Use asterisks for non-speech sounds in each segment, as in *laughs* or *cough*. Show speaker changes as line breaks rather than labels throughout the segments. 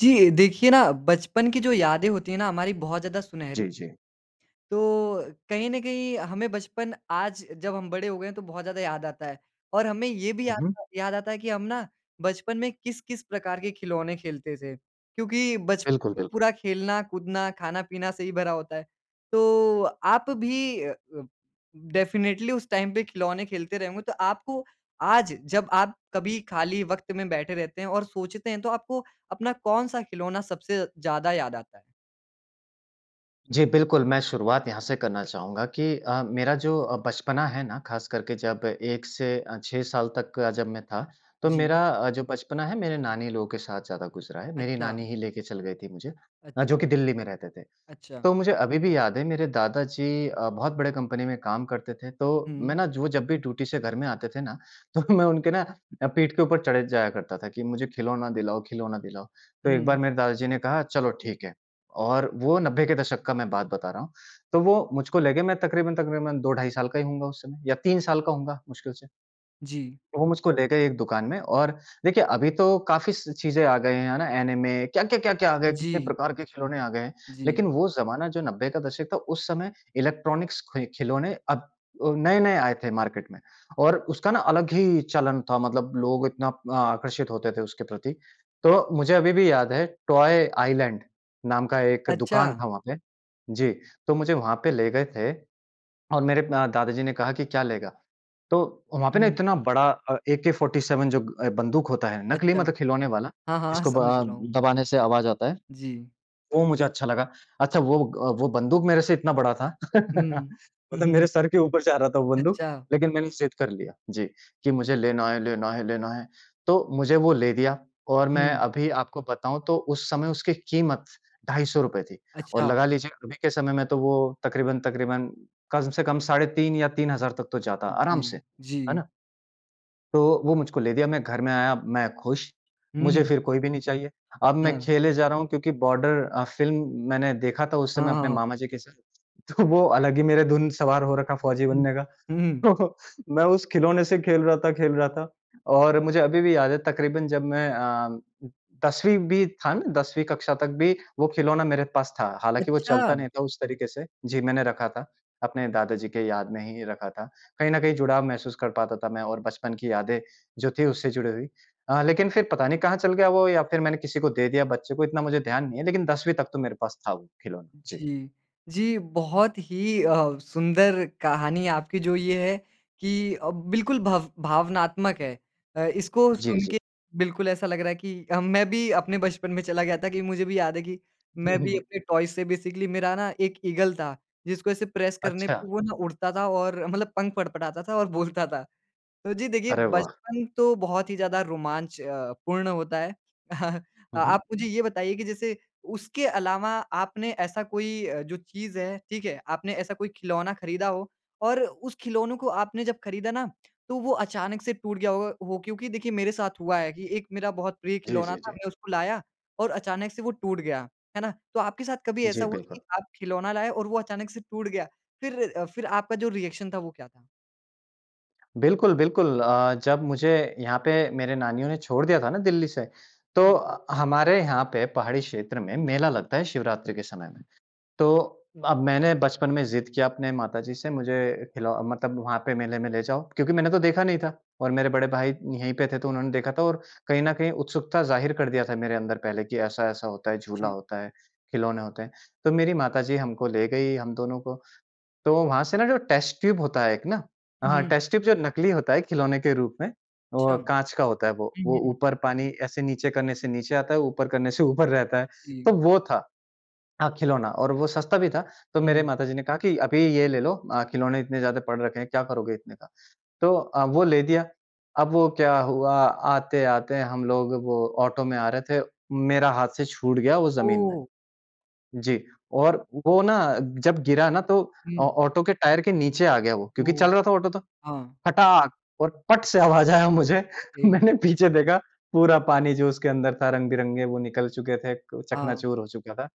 जी। देखिए ना, बचपन की जो यादें होती हैं ना हमारी, बहुत ज़्यादा सुनहरी
जी, जी।
तो कहीं न कहीं हमें बचपन, आज जब हम बड़े हो गए हैं, तो बहुत ज़्यादा याद आता है। और हमें ये भी
हुँ,
याद
हुँ।
आ याद आता है कि हम ना बचपन में किस-किस प्रकार के खिलौने खेलते थे क्योंकि बच
बिल्कुल, बिल्कुल।
पूरा खेलना कूदना, खाना-पीना से ही भरा होता है। तो आप भी अ, अ, डेफिनिटली उस टाइम पे खिलौने खेलते रहें होंगे, तो आपको आज जब आप कभी खाली वक़्त में बैठे रहते हैं और सोचते हैं, तो आपको अपना कौन-सा खिलौना सबसे ज़्यादा याद आता है?
जी, बिल्कुल। मैं शुरुआत यहाँ से करना चाहूँगा कि अ, मेरा जो अ, बचपना है ना, ख़ास करके जब 1 से अ, 6 साल तक का जब मैं था, तो
जी।
मेरा अ, जो बचपना है मेरे नानी लोगों के साथ ज़्यादा गुज़रा है। मेरी नानी
अच्छा।
ही लेके चल गई थी मुझे अ, जो
अच्छा।
कि दिल्ली में रहते थे।
अच्छा।
तो मुझे अभी भी याद है, मेरे दादा जी अ, बहुत बड़े कंपनी में काम करते थे, तो मैं
हुँ।
ना जो वो जब भी ड्यूटी से घर में आते थे ना, तो मैं उनके ना अ, पीठ के ऊपर चढ़े जाया करता था कि, "मुझे खिलौना दिलाओ, खिलौना दिलाओ।" तो एक बार
हुँ।
मेरे दादा जी ने कहा, "चलो ठीक है।" और वो 90 के दशक का मैं बात बता रहा हूँ। तो वो मुझको ले गए, मैं तकरीबन-तकरीबन 2 ढाई साल का ही होऊँगा उस समय, या 3 साल का होऊँगा मुश्किल से।
जी।
तो वो मुझको ले गए एक दुकान में और देखिए, अभी तो काफ़ी स चीज़ें आ गए, है ना, ऐनिमे क्या, क्या, क्या, क्या आ गए, कितने
जी।
प्रकार के खिलौने आ गए हैं। लेकिन
जी।
वो ज़माना जो 90 का दशक था, उस समय इलेक्ट्रॉनिक्स खि खिलौने अब अ, नए-नए आए थे मार्केट में। और उसका ना अलग ही चलन था, मतलब लोग इतना आकर्षित होते थे उसके प्रति। तो मुझे अभी भी याद है, टॉय आइलैंड नाम का एक
अच्छा।
दुकान था वहाँ पे। जी, तो मुझे वहाँ पे ले गए थे। और मेरे म दादा जी ने कहा कि, "क्या लेगा?" तो वहाँ पे ना
हुँ।
इतना बड़ा अ, एके-47 जो अ, बंदूक होता है, नकली
अच्छा।
मतलब खिलौने वाला,
हाँ, हाँ,
जिसको ब
समझ
अ,
रहा हूँ।
दबाने से आवाज़ आता है,
जी।
वो मुझे अच्छा लगा। अच्छा वो, अ, वो बंदूक मेरे से इतना बड़ा था *laughs*
हुँ।
मतलब मेरे
*chuckles*
सिर के ऊपर जा रहा था वो बंदूक,
अच्छा।
लेकिन मैंने ज़िद कर लिया। जी, कि मुझे लेना है, लेना है, लेना है। तो मुझे वो ले दिया, और मैं
हुँ।
अभी आपको बताऊँ तो उस समय उसकी कीमत ₹250 थी और
अच्छा।
लगा लीजिए, अभी के समय में तो वो तकरीबन-तकरीबन कम से कम साढ़े 3 या 3,000 तक तो जाता आराम
जी।
से। है
जी।
ना? तो वो मुझको ले दिया, मैं घर में आया, मैं खुश,
हुँ,
मुझे
हुँ।
फिर कोई भी नहीं चाहिए। अब मैं
हाँ।
खेले जा रहा हूँ क्योंकि बॉर्डर अ, फ़िल्म मैंने देखा था उस
हाँ,
समय
हाँ,
अपने
हाँ।
मामा जी के साथ। तो वो अलग ही मेरे धुन सवार हो रखा फ़ौजी
हुँ।
बनने का।
हुँ, हुँ।
तो मैं उस खिलौने से खेल रहा था, खेल रहा था और मुझे अभी भी याद है तकरीबन जब मैं अ, 10वीं भी था ना, 10वीं कक्षा तक भी वो खिलौना मेरे पास था। हालाँकि वो चलता
अच्छा।
नहीं था उस तरीके से। जी, मैंने रखा था, अपने दादा जी के याद में ही रखा था। कहीं न कहीं जुड़ाव महसूस कर पाता था मैं और बचपन की यादें जो थी उससे जुड़ी हुई। अ, लेकिन फिर पता नहीं कहाँ चल गया वो या फिर मैंने किसी को दे दिया बच्चे को, इतना मुझे ध्यान नहीं है, लेकिन 10वीं तक तो मेरे पास था वो खिलौना। जी।
जी। जी, बहुत ही अ, सुंदर कहानी आपकी जो ये है कि अ, बिल्कुल भव भावनात्मक है। अ, इसको
जी,
सुन
जी।
के बिल्कुल ऐसा लग रहा है कि हम मैं भी अपने बचपन में चला गया था कि, मुझे भी याद है कि मैं भी
*chuckles*
अपने टॉय से बेसिकली मेरा ना एक ईगल था, जिसको ऐसे प्रेस करने पे
अच्छा।
वो ना उड़ता था और मतलब पंख फडफ़ड़ाता था और बोलता था। तो, जी देखिए,
अरे वाह!
बचपन तो बहुत ही ज़्यादा रोमांच अ, पूर्ण होता है। *chuckles*
हुँ, हुँ।
आप मुझे ये बताइए कि जैसे उसके अलावा आपने ऐसा कोई अ, जो चीज़ है, ठीक है? आपने ऐसा कोई खिलौना खरीदा हो, और उस खिलौनों को आपने जब खरीदा ना तो वो अचानक से टूट गया होगा हो? क्योंकि देखिए मेरे साथ हुआ है कि एक मेरा बहुत प्रिय
जी,
खिलौना
जी,
था,
जी।
मैं उसको लाया और अचानक से वो टूट गया, है ना? तो आपके साथ कभी ऐसा
जी,
हुआ कि
बिल्कुल।
आप खिलौना लाए और वो अचानक से टूट गया? फिर, फिर आपका जो रिएक्शन था, वो क्या था?
बिल्कुल, बिल्कुल। अ, जब मुझे यहाँ पे मेरे नानियों ने छोड़ दिया था ना दिल्ली से, तो
जी।
अ, हमारे यहाँ पे पहाड़ी क्षेत्र में मेला लगता है शिवरात्रि के समय में। तो अब मैंने बचपन में ज़िद किया अपने माता जी से मुझे खिलौ मतलब वहाँ पे मेले में ले जाओ। क्योंकि मैंने तो देखा नहीं था, और मेरे बड़े भाई यहीं पे थे तो उन्होंने देखा था और कहीं न कहीं उत्सुकता ज़ाहिर कर दिया था मेरे अंदर पहले कि ऐसा-ऐसा होता है, झूला
जी।
होता है, खिलौने होते हैं। तो मेरी माता जी हमको ले गई हम दोनों को। तो वहाँ से ना जो टेस्ट ट्यूब होता है एक ना, हाँ,
हुँ।
टेस्ट ट्यूब जो नकली होता है खिलौने के रूप में, वो
छम
काँच का होता है वो।
हुँ,
वो
हुँ।
ऊपर पानी ऐसे नीचे करने से नीचे आता है, ऊपर करने से ऊपर रहता है, तो
जी।
वो था अ, खिलौना और वो सस्ता भी था। तो मेरे
हुँ।
माता जी ने कहा कि, "अभी ये ले लो अ, खिलौने इतने ज़्यादा पड़ रखे हैं, क्या करोगे इतने का?" तो अ, वो ले दिया। अब वो क्या हुआ आते-आते हम लोग वो ऑटो में आ रहे थे, मेरा हाथ से छूट गया वो ज़मीन में।
ओह!
जी। और वो ना जब गिरा ना तो औ
हुँ।
ऑटो के टायर के नीचे आ गया वो क्योंकि
ओह!
चल रहा था ऑटो तो,
हाँ।
फटाक और पट से आवाज़ आया मुझे।
अरे!
मैंने पीछे देखा पूरा पानी जो उसके अंदर था रंग-बिरंगे वो निकल चुके थे, क
हाँ।
चकनाचूर हो चुका था।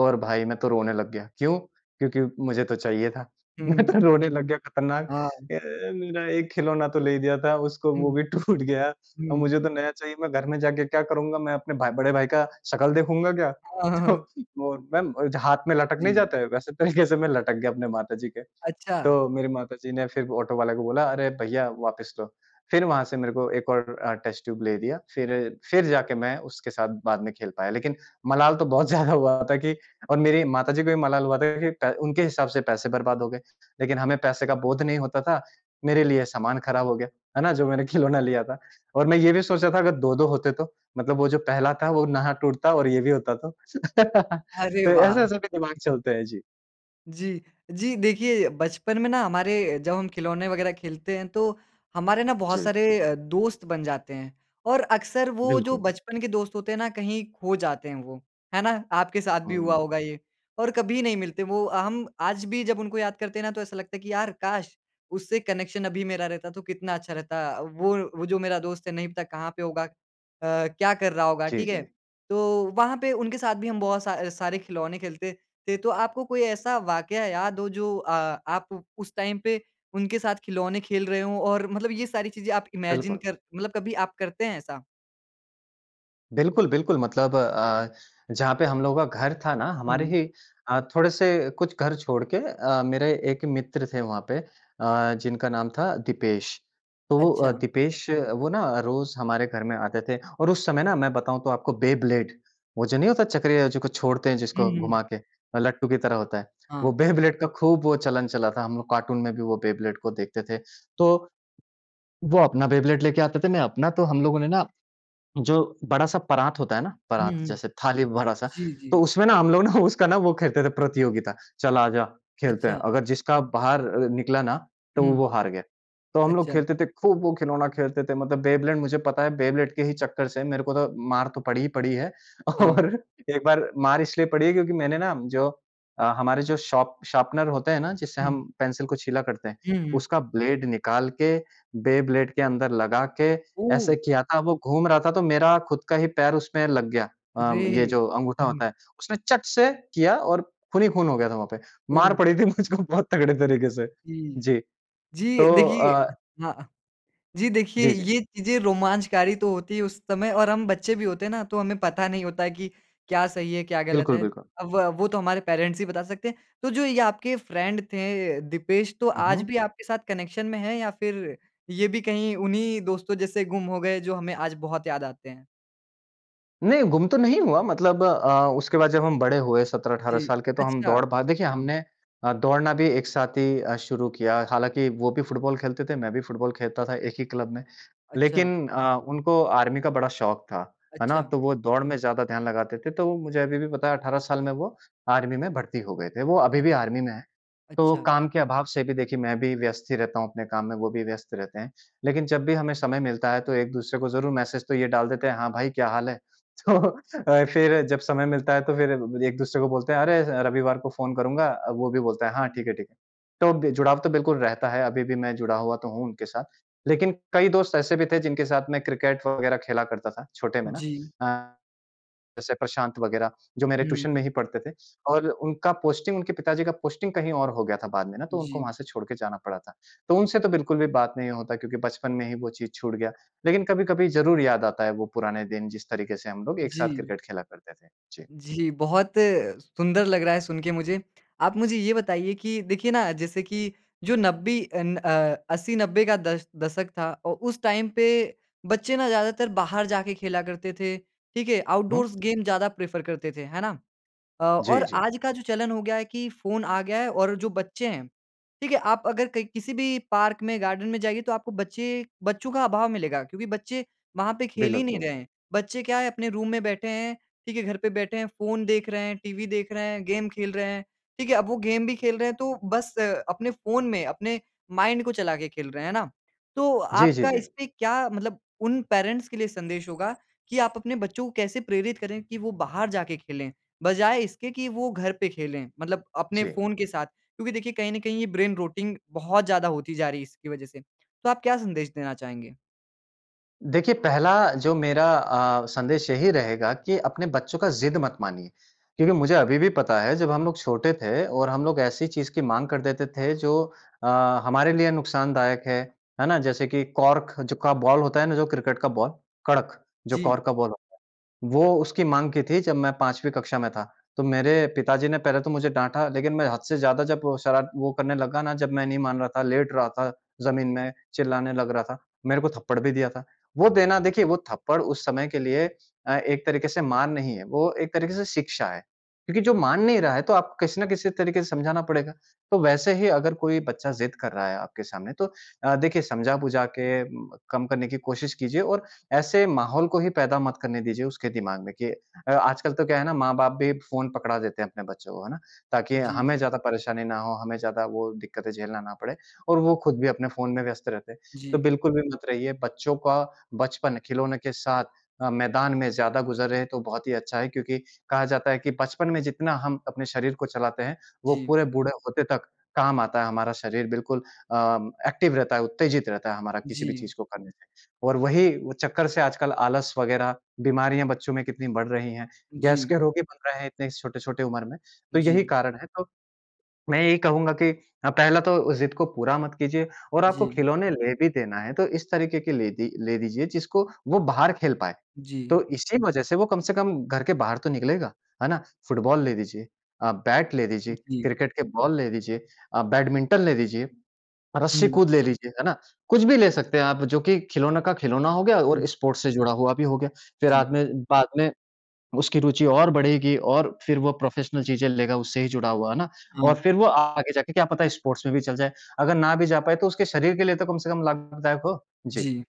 और भई मैं तो रोने लग गया। क्यों? क्योंकि मुझे तो चाहिए था।
हुँ,
मैं
हुँ।
तो रोने लग गया खतरनाक
हाँ।
"अ, मेरा एक खिलौना तो ले दिया था उसको
हुँ।
वो भी टूट गया।
हुँ,
और
हुँ।
मुझे तो नया चाहिए मैं घर में जाके क्या करूँगा? मैं अपने भाई बड़े भाई का शकल देखूँगा क्या?"
हाँ, हाँ, हाँ,
तो
हाँ।
वो मैम जो हाथ में लटक नहीं
जी।
जाता है वैसे तरीके से मैं लटक गया अपने माता जी के।
अच्छा।
तो मेरी माता जी ने फिर ऑटो वाले को बोला, "अरे भईया वापस लो।" फिर वहाँ से मेरे को 1 और अ, टेस्ट ट्यूब ले दिया फिर, फिर जाके मैं उसके साथ बाद में खेल पाया। लेकिन मलाल तो बहुत ज़्यादा हुआ था कि और मेरी माता जी को भी मलाल हुआ था कि पै उनके हिसाब से पैसे बर्बाद हो गए। लेकिन हमें पैसे का बोध नहीं होता था। मेरे लिए सामान खराब हो गया, है ना? जो मैंने खिलौना लिया था। और मैं ये भी सोच रहा था अगर 2-2 होते तो, मतलब वो जो पहला था वो नाह टूटता और ये भी होता तो, *laughs*
अरे
तो
वाह!
ऐसे-ऐसे भी दिमाग चलते हैं। जी।
जी। जी देखिए, बचपन में ना हमारे अ, जब हम खिलौने वग़ैरह खेलते हैं तो हमारे ना बहुत
जी।
सारे अ, दोस्त बन जाते हैं। और अक्सर वो जो
बिल्कुल।
बचपन के दोस्त होते हैं ना कहीं खो जाते हैं वो। है ना? आपके साथ भी हुआ
हाँ।
होगा ये और कभी नहीं मिलते वो अ, हम आज भी जब उनको याद करते हैं ना तो ऐसा लगता है कि यार काश उससे कनेक्शन अभी मेरा रहता तो कितना अच्छा रहता अ, वो वो जो मेरा दोस्त है नहीं पता कहाँ पे होगा। अ, क्या कर रहा होगा,
जी,
ठीक है?
जी।
तो वहाँ पे उनके साथ भी हम बहुत सा सारे खिलौने खेलते थे। तो आपको कोई ऐसा वाक़या हो जो अ, आप उस टाइम पे उनके साथ खिलौने खेल रहे हों और मतलब ये सारी चीज़ें आप इमैजिन
बिल्कुल।
कर मतलब कभी आप करते हैं ऐसा?
बिल्कुल, बिल्कुल मतलब अ, जहाँ पे हम लोगों का घर था ना हमारे
हुँ।
ही अ, थोड़े-से कुछ घर छोड़ के अ, मेरे एक मित्र थे वहाँ पे अ, जिनका नाम था दीपेश। तो वो अ,
अच्छा।
दीपेश वो ना अ, रोज़ हमारे घर में आते थे और उस समय ना मैं बताऊँ तो आपको बेब्लेड वो जो नहीं होता चक्रीय जो को छोड़ते हैं
हुँ,
जिसको
हुँ।
घुमा के, अ, लट्टू की तरह होता है। वो
हाँ।
बेब्लेड का खूब वो चलन चला था। हम लोग कार्टून में भी वो बेब्लेड को देखते थे। तो, वो अपना बेब्लेड लेके आते थे, मैं अपना तो हम लोगों ने ना जो बड़ा-सा परात होता है ना? परात
हुँ।
जैसे थाली बड़ा-सा,
जी,
तो
जी।
उसमें ना हम लोग ना उसका ना वो खेलते थे प्रतियोगिता चल आ जा खेलते हैं।
अच्छा।
अगर जिसका बाहर अ, निकला ना तो
हुँ।
वो हार गया। तो हम लोग
अच्छा।
खेलते थे, खूब वो खिलौना खेलते थे, मतलब बेब्लेड मुझे पता है बेब्लेड के ही चक्कर से मेरे को तो मार तो पड़ी ही पड़ी है
हाँ।
और एक बार मार इसलिए पड़ी है क्योंकि मैंने ना जो अ, हमारे जो शार्प शार्पनर होते हैं ना जिससे हम
हुँ।
पेंसिल को छीला करते हैं?
हुँ।
उसका ब्लेड निकाल के, बेब्लेड के अंदर लगा के
ओह!
ऐसे किया था, वो घूम रहा था तो मेरा खुद का ही पैर उसमें लग गया। अ, ये
अरे!
जो अंगूठा
हुँ।
होता है। उसने चट से किया और खून ही खून हो गया था वहाँ पे। मार
ओह!
पड़ी थी मुझको बहुत तगड़े तरीके से।
जी।
जी।
जी,
तो
देखिए
अ
हाँ। अ, जी देखिए
जी, जी,
ये
जी।
चीज़ें रोमांचकारी तो होती है उस समय और हम बच्चे भी होते हैं ना तो हमें पता नहीं होता है कि क्या सही है क्या गलत
बिल्कुल,
है?
बिल्कुल।
अ, व वो तो हमारे पेरेंट्स ही बता सकते हैं। तो जो ये आपके फ्रेंड थे अ, दीपेश तो
हुँ,
आज
हुँ।
भी आपके साथ कनेक्शन में हैं? या फ़िर ये भी कहीं उन्हीं दोस्तों जैसे गुम हो गए जो हमें आज बहुत याद आते हैं?
नहीं गुम तो नहीं हुआ मतलब अ, उसके बाद जब हम बड़े हुए 17 -18
जी।
साल के तो हम
अच्छा!
दौड़ पा देखिए हमने अ, दौड़ना भी एक साथ ही अ, शुरू किया। हालाँकि वो भी फ़ुटबॉल खेलते थे, मैं भी फ़ुटबॉल खेलता था एक ही क्लब में।
अच्छा।
लेकिन अ, उनको आर्मी का बड़ा शौक था। है ना?
अच्छा।
तो वो दौड़ में ज़्यादा ध्यान लगाते थे तो मुझे अभी भी पता है 18 साल में वो आर्मी में भर्ती हो गए थे। वो अभी भी
अच्छा।
आर्मी में हैं। तो
अच्छा।
काम के अभाव से भी देखिए, मैं भी व्यस्त ही रहता हूँ अपने काम में, वो भी व्यस्त रहते हैं। लेकिन जब भी हमें समय मिलता है तो एक दूसरे को ज़रूर मैसेज तो ये डाल देते हैं, "हाँ भाई, क्या हाल है?" तो अ, फिर जब समय मिलता है तो फिर एक दूसरे को बोलते हैं, "अरे, स रविवार को फ़ोन करूँगा।" अ, वो भी बोलता है, "हाँ, ठीक है, ठीक है।" तो बे जुड़ाव तो बिल्कुल रहता है। अभी भी मैं जुड़ा हुआ तो हूँ उनके साथ। लेकिन कई दोस्त ऐसे भी थे जिनके साथ मैं क्रिकेट वग़ैरह खेला करता था, छोटे में ना।
जी।
अ, जैसे प्रशांत वग़ैरह जो मेरे ट्यूशन
हुँ।
में ही पढ़ते थे और उनका पोस्टिंग उनके पिता जी का पोस्टिंग कहीं और हो गया था बाद में ना तो उनको वहाँ
जी।
से छोड़ के जाना पड़ा था। तो उनसे तो बिल्कुल भी बात नहीं होता क्योंकि बचपन में ही वो चीज़ छूट गया। लेकिन कभी-कभी ज़रूर याद आता है वो पुराने दिन जिस तरीके से हम लोग एक साथ
जी।
क्रिकेट खेला करते थे। जी।
जी, बहुत सुंदर लग रहा है सुन के मुझे। आप मुझे ये बताइए कि देखिए, ना जैसे कि जो नब्बे अन अ 80-90 का दश दशक था, औ उस टाइम पे बच्चे ना ज़्यादातर बाहर जाके खेला करते थे। ठीक है?
हुँ।
आउटडोर्स गेम ज़्यादा प्रेफ़र करते थे, है ना? अ,
जी,
और
जी।
आज का जो चलन हो गया है कि फ़ोन आ गया है और जो बच्चे हैं ठीक है, आप अगर कहीं किसी भी पार्क में गार्डन में जाएँगे तो आपको बच्चे बच्चों का अभाव मिलेगा। क्योंकि बच्चे वहाँ पे खेल ही नहीं रहे
बिल्कुल।
हैं। बच्चे क्या है अपने रूम में बैठे हैं। ठीक है, घर पे बैठे हैं, फ़ोन देख रहे हैं, टीवी देख रहे हैं, गेम खेल रहे हैं। ठीक है? अब वो गेम भी खेल रहे हैं तो बस अपने फ़ोन में, अपने माइंड को चला के खेल रहे हैं, है ना? तो
जी, जी,
आपका
जी।
इसमें क्या मतलब उन पेरेंट्स के लिए संदेश होगा कि आप अपने बच्चों को कैसे प्रेरित करें कि वो बाहर जाके खेलें। बजाए इसके कि वो घर पे खेलें। मतलब अपने
जी।
फ़ोन के साथ। क्योंकि देखिए कहीं न कहीं ये ब्रेन रोटिंग बहुत ज़्यादा होती जा रही है इसकी वजह से। तो आप क्या संदेश देना चाहेंगे?
देखिए पहला जो मेरा अ, संदेश यही रहेगा कि अपने बच्चों का ज़िद मत मानिए। क्योंकि मुझे अभी भी पता है जब हम लोग छोटे थे और हम लोग ऐसी चीज़ की माँग कर देते थे जो अ, हमारे लिए नुक़सानदायक है। है ना? जैसे कि कॉर्क ज का बॉल होता है ना जो क्रिकेट का बॉल, कड़क, जो
जी।
कॉर्क का बॉल होता है। वो उसकी माँग की थी जब मैं 5वीं कक्षा में था। तो मेरे पिताजी ने पहले तो मुझे डाँटा लेकिन मैं हद से ज़्यादा जब शरा वो करने लगा ना जब मैं नहीं मान रहा था, लेट रहा था ज़मीन में, चिल्लाने लग रहा था, मेरे को थप्पड़ भी दिया था। वो देना देखिए, वो थप्पड़ उस समय के लिए अ, एक तरीके से मार नहीं है, वो एक तरीके से शिक्षा है। क्योंकि जो मान नहीं रहा है तो आपको किसी ना किसी तरीके से समझाना पड़ेगा। तो वैसे ही अगर कोई बच्चा ज़िद कर रहा है आपके सामने तो अ, देखिए समझा-बुझा के म कम करने की कोशिश कीजिए और ऐसे माहौल को ही पैदा मत करने दीजिए उसके दिमाग में कि अ, आजकल तो क्या है ना माँ-बाप भी फ़ोन पकड़ा देते हैं अपने बच्चों को, है ना? ताकि
जी।
हमें ज़्यादा परेशानी ना हो, हमें ज़्यादा वो दिक्कतें झेलना ना पड़े। और वो खुद भी अपने फ़ोन में व्यस्त रहते हैं। तो
जी।
बिल्कुल भी मत रहिए। बच्चों का बचपन, खिलौने के साथ अ, मैदान में ज़्यादा गुज़रे तो बहुत ही अच्छा है क्योंकि कहा जाता है कि बचपन में जितना हम अपने शरीर को चलाते हैं वो
जी।
पूरे बूढ़े होते तक काम आता है हमारा शरीर। बिल्कुल अ, एक्टिव रहता है, उत्तेजित रहता है हमारा किसी भी
जी।
चीज़ को करने से। और वही वो चक्कर से आजकल आलस वग़ैरह बीमारियाँ बच्चों में कितनी बढ़ रही हैं। गैस
जी।
के रोगी बन रहे हैं इतने छोटे-छोटे उम्र में, तो यही
जी।
कारण है तो, मैं यही कहूँगा कि अ, पहला तो ज़िद को पूरा मत कीजिए और आपको
जी।
खिलौने ले भी देना है तो इस तरीके के ले दि ले दीजिए जिसको वो बाहर खेल पाएँ। तो
जी।
इसी वजह से वो कम से कम घर के बाहर तो निकलेगा, है ना? फ़ुटबॉल ले दीजिए, अ, बैट ले दीजिए,
जी।
क्रिकेट के बॉल ले दीजिए, अ, बैडमिंटन ले दीजिए, रस्सी
हुँ।
कूद ले लीजिए, है ना? कुछ भी ले सकते हैं आप जो कि खिलौनों का खिलौना हो गया
हुँ।
और स्पोर्ट्स से जुड़ा हुआ भी हो गया। फिर आद
जी।
में बाद में उसकी रुचि और बढ़ेगी और फिर वो प्रोफ़ेशनल चीज़ें लेगा उससे ही जुड़ा हुआ है ना? और
हाँ।
फिर वो आगे जाके क्या पता है स्पोर्ट्स में भी चल जाए। अगर ना भी जा पाए तो उसके शरीर के लिए तो कम से कम लाभदायक हो। जी।
जी।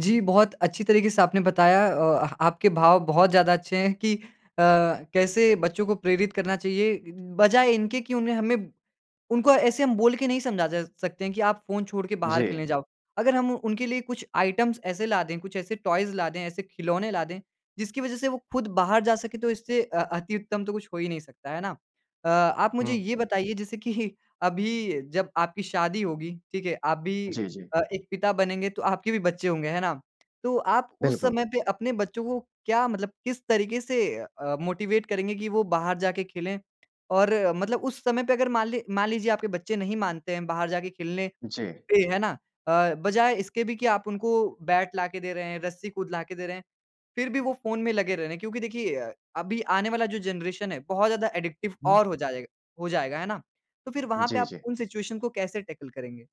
जी, बहुत अच्छी तरीके से आपने बताया। औ अह आपके भाव बहुत ज़्यादा अच्छे हैं कि अ, कैसे बच्चों को प्रेरित करना चाहिए, बजाए इनके कि उन्हें हमें उनको ऐसे हम बोल के नहीं समझा जा सकते हैं कि आप फ़ोन छोड़ के बाहर
जी।
खेलने जाओ। अगर हम उनके लिए कुछ आइटम्स ऐसे ला दें कुछ ऐसे टॉयज़ ला दें ऐसे खिलौने ला दें, जिसकी वजह से वो खुद बाहर जा सकें तो इससे अ, अति-उत्तम तो कुछ हो ही नहीं सकता, है ना? अ, आप मुझे ये
हुँ।
बताइए जैसे कि अभी जब आपकी शादी होगी। ठीक है? आप भी
जी, जी।
अ, एक पिता बनेंगे तो आपके भी बच्चे होंगे, है ना? तो आप उस
बिल्कुल।
समय पे अपने बच्चों को क्या मतलब, किस तरीके से अ, मोटिवेट करेंगे कि वो बाहर जाके खेलें और मतलब उस समय पे अगर मान लें मान लीजिए आपके बच्चे नहीं मानते हैं बाहर जाके खेलने
जी।
पे, है ना? अ, बजाए इसके भी कि आप उनको बैट लाके दे रहे हैं, रस्सी कूद लाके दे रहे हैं। फिर भी वो फ़ोन में लगे रह रहे है। क्योंकि देखिए अ, अभी आने वाला जो जेनरेशन है बहुत ज़्यादा एडिक्टिव
हुँ।
और हो जाए जाएगा, हो जाएगा है ना? तो फिर वहाँ पे
जी,
आप
जी।
उन सिचुएशन को कैसे टैकल करेंगे?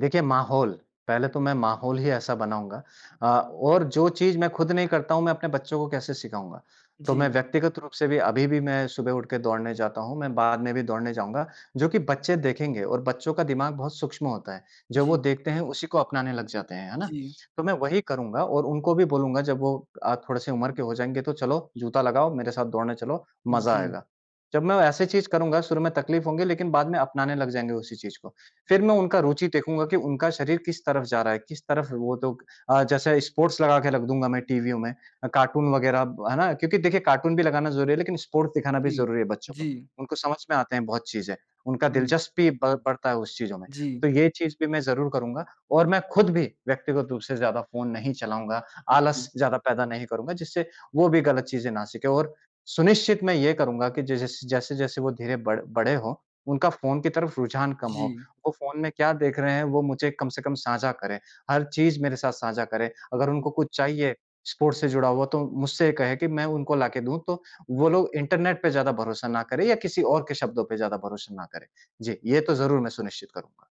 देखिए माहौल, पहले तो मैं माहौल ही ऐसा बनाऊँगा। अ, और जो चीज़ मैं खुद नहीं करता हूँ मैं अपने बच्चों को कैसे सिखाऊँगा? तो मैं
जी।
व्यक्तिगत रूप से भी अभी भी मैं सुबह उठकर दौड़ने जाता हूँ। मैं बाद में भी दौड़ने जाऊँगा। जो कि बच्चे देखेंगे और बच्चों का दिमाग बहुत सूक्ष्म होता है। जो
जी।
वो देखते हैं उसी को अपनाने लग जाते हैं। है ना?
जी।
तो मैं वही करूँगा और उनको भी बोलूँगा जब वो अ, थोड़े-से उम्र के हो जाएँगे तो चलो जूता लगाओ मेरे साथ दौड़ने चलो, मज़ा
जी।
आएगा। जब मैं ऐसे चीज़ करूँगा शुरू में तकलीफ़ होगी लेकिन बाद में अपनाने लग जाएँगे उसी चीज़ को। फिर मैं उनका रुचि देखूँगा कि उनका शरीर किस तरफ जा रहा है किस तरफ वो लोग अ, जैसे स्पोर्ट्स लगा के रख दूँगा मैं टीवीओं में, अ, कार्टून वग़ैरह, है ना? क्योंकि देखिए कार्टून भी लगाना ज़रूरी है लेकिन स्पोर्ट्स दिखाना भी
जी,
ज़रूरी है बच्चों को।
जी।
उनको समझ में आता हैं बहुत चीज़ें। उनका
हुँ।
दिलचस्पी ब बढ़ता है उस चीज़ों में।
जी।
तो ये चीज़ भी मैं ज़रूर करूँगा। और मैं खुद भी व्यक्तिगत रूप से ज़्यादा फ़ोन नहीं चलाऊँगा।
हुँ, जी।
आलस ज़्यादा पैदा नहीं करूँगा। जिससे वो भी गलत चीज़ें ना सीखें। और सुनिश्चित मैं ये करूँगा कि जिस-जिस जैसे-जैसे वो धीरे बड़ बड़े हों, उनका फ़ोन की तरफ रुझान कम हो।
जी।
वो फ़ोन में क्या देख रहे हैं वो मुझे कम से कम साझा करें। हर चीज़ मेरे साथ साझा करें। अगर
जी।
उनको कुछ चाहिए स्पोर्ट्स से जुड़ा हुआ तो मुझसे कहें कि मैं उनको लाके दूँ। तो वो लोग इंटरनेट पे ज़्यादा भरोसा ना करें या किसी और के शब्दों पर ज़्यादा भरोसा ना करें। जी, ये तो ज़रूर मैं सुनिश्चित करूँगा।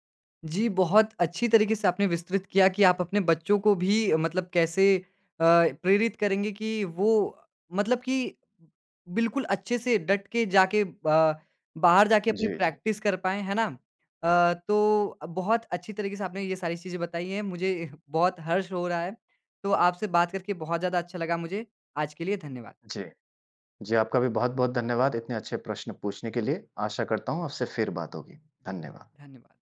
जी, बहुत अच्छी तरीके से आपने विस्तृत किया कि आप अपने बच्चों को भी मतलब कैसे अ, प्रेरित करेंगे कि वो अ, मतलब कि बिल्कुल अच्छे से डट के जाके ब बाहर जाके अपनी
जी, जी।
प्रैक्टिस कर पाएँ। है ना? अ, तो बहुत अच्छी तरीके से आपने ये सारी चीज़ें बताई हैं। मुझे बहुत हर्ष हो रहा है। तो आपसे बात करके बहुत ज़्यादा अच्छा लगा मुझे। आज के लिए धन्यवाद।
जी। जी, आपका भी बहुत-बहुत धन्यवाद। इतने अच्छे प्रश्न पूछने के लिए। आशा करता हूँ आपसे फिर बात होगी। धन्यवाद।
धन्यवाद।